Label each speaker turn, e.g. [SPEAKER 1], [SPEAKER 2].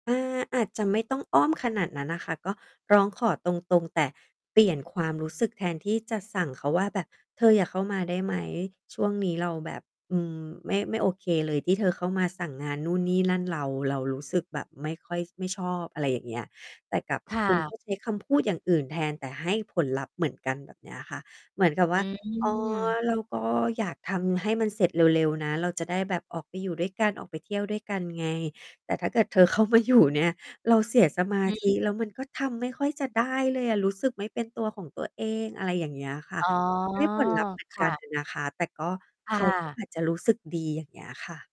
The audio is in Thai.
[SPEAKER 1] อา อาจจะไม่ต้องอ้อมขนาดนั้นน่ะค่ะ ก็ร้องขอตรง ๆ แต่เปลี่ยนความรู้สึกแทนที่จะสั่งเขาว่าแบบ "เธออย่าเข้ามาได้ไหม ช่วงนี้เราแบบ อืม ไม่ ไม่โอเคเลย ที่เธอเข้ามาสั่งงานนู่นนี่นั่นเรา เรารู้สึกแบบไม่ค่อย ไม่ชอบ" อะไรอย่างเงี้ย แต่กับ
[SPEAKER 2] ค่
[SPEAKER 1] คุณก
[SPEAKER 2] ะ
[SPEAKER 1] ็ ใช้คำพูดอย่างอื่นแทน แต่ให้ผลลัพธ์เหมือนกัน แบบเนี้ยค่ะ เหมือนกับว
[SPEAKER 2] อ
[SPEAKER 1] ่
[SPEAKER 2] ื
[SPEAKER 1] า "อ๋อ
[SPEAKER 2] ม
[SPEAKER 1] เราก็อยากทำให้มันเสร็จเร็ว ๆ นะ เราจะได้แบบออกไปอยู่ด้วยกัน ออกไปเที่ยวด้วยกันไง แต่ถ้าเกิดเธอ เข้ามาอยู่ เนี่ย เราเสียสมา
[SPEAKER 2] อือ
[SPEAKER 1] ธ
[SPEAKER 2] ฮึ
[SPEAKER 1] ิ แล้วมันก็ทำไม่ค่อยจะได้เลยอะ รู้สึกไม่เป็นตัวของตัวเอง" อะไรอย่างเงี้ยค่ะ
[SPEAKER 2] อ๋อ
[SPEAKER 1] ได้ผลลัพธ์เหมือน
[SPEAKER 2] ค
[SPEAKER 1] ก
[SPEAKER 2] ่
[SPEAKER 1] ัน
[SPEAKER 2] ะ
[SPEAKER 1] อะนะคะ แต่ก็
[SPEAKER 2] ค
[SPEAKER 1] เข
[SPEAKER 2] ่
[SPEAKER 1] าก็
[SPEAKER 2] ะ
[SPEAKER 1] อาจจะรู้สึกดี อย่างเงี้ยค่ะ